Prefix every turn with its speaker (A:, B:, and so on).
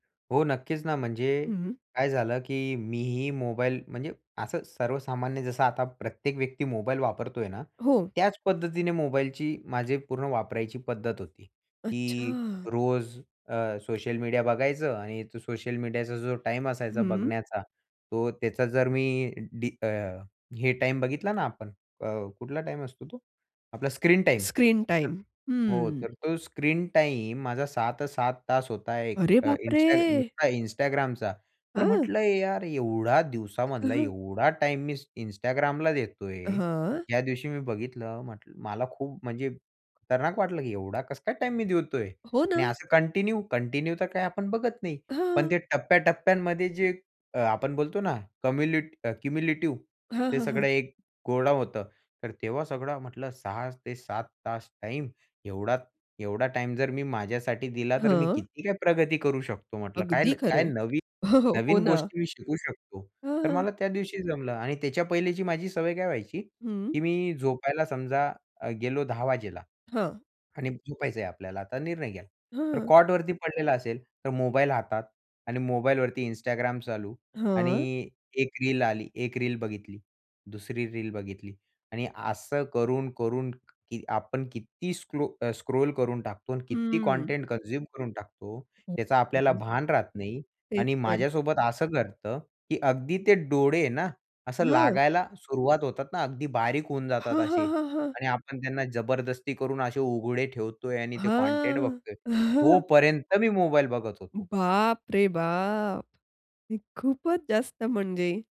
A: हो, नक्कीच ना. म्हणजे
B: हं.
A: काय झालं, की मी ही मोबाईल म्हणजे असं सर्वसामान्य जसं आता प्रत्येक व्यक्ती मोबाईल वापरतोय ना.
B: हो.
A: त्याच पद्धतीने मोबाईलची माझी एक पूर्ण वापरायची पद्धत होती, की
B: अच्छा.
A: रोज अ, सोशल मीडिया बघायचं आणि तो सोशल मीडियाचा जो टाईम असायचा
B: हं.
A: बघण्याचा तो त्याचा जर मी, डी अ, हे टाईम बघितला ना आपण अ, कुठला टाईम असतो तो? आपला स्क्रीन टाईम.
B: स्क्रीन
A: तर
B: टाईम,
A: हो
B: हं.
A: तर तो स्क्रीन टाईम माझा 6 ते 7 होता आहे. एक
B: अरे
A: अ,
B: बापरे!
A: Insta नुसता Instagramचा तर
B: हं.
A: म्हटलं यार एवढा
B: हं,
A: दिवसामधला
B: हं.
A: एवढा टाईम मी Instagramला देतोय.
B: हां.
A: ज्या दिवशी मी बघितलं म्हटलं मला खूप म्हणजे खतरनाक वाटलं, की एवढा कसा टाईम मी देतोय?
B: हो
A: आणि
B: ना.
A: असं कंटिन्यू कंटिन्यू तर काय आपण बघत नाही. पण
B: हां.
A: ते टप्प्या, टप्प्यांमध्ये जे अ, आपण बोलतो ना कम्युल्यु क्युम्युलेटिव्ह
B: हां,
A: ते
B: हां, हां.
A: सगळं एक कोडं होतं तर तेव्हा सगळं म्हटलं 6 ते 7 टाईम. एवढा एवढा टाईम जर मी माझ्यासाठी दिला तर मी
B: हां.
A: किती काय प्रगती करू शकतो? म्हटलं काय
B: अगदी
A: काय
B: खरंय.
A: नवीन
B: हं, हं. हो
A: नवीन
B: ना.
A: गोष्टी मी शिकू शकतो.
B: हं,
A: तर
B: हं.
A: मला त्या दिवशी जमलं आणि त्याच्या पहिल्याची माझी सवय काय व्हायची,
B: हं.
A: की मी झोपायला समजा अ, गेलो 10 वाजता
B: हां.
A: आणि झोपायचंय आपल्याला आता निर्णय केला.
B: हं,
A: तर
B: हां.
A: कॉटवरती पडलेला असेल तर मोबाईल हातात आणि मोबाईल वरती Instagram चालू
B: हां.
A: आणि 1 रील आली 1 रील बघितली. 2री रील बघितली आणि असं करून-करून आपण किती स्क्लो अ, स्क्रॉल करून टाकतो आणि किती
B: हं.
A: कंटेंट, कन्झ्यम करून टाकतो त्याचा आपल्याला
B: हं.
A: भान राहत नाही
B: तेच
A: आणि
B: तर.
A: माझ्यासोबत असं घडतं, की अगदी ते डोळे ना असं
B: हो.
A: लागायला सुरुवात होतात ना अगदी बारीक होऊन जातात
B: हां,
A: असे
B: हां, हां, हां.
A: आणि आपण त्यांना जबरदस्ती करून असे उघडे ठेवतोय. आणि ते कंटेंट बघतोय.
B: हां.
A: तोपर्यंत मी मोबाईल बघत होतो.
B: बाप रे बाप! मी खूपच जास्त म्हणजे.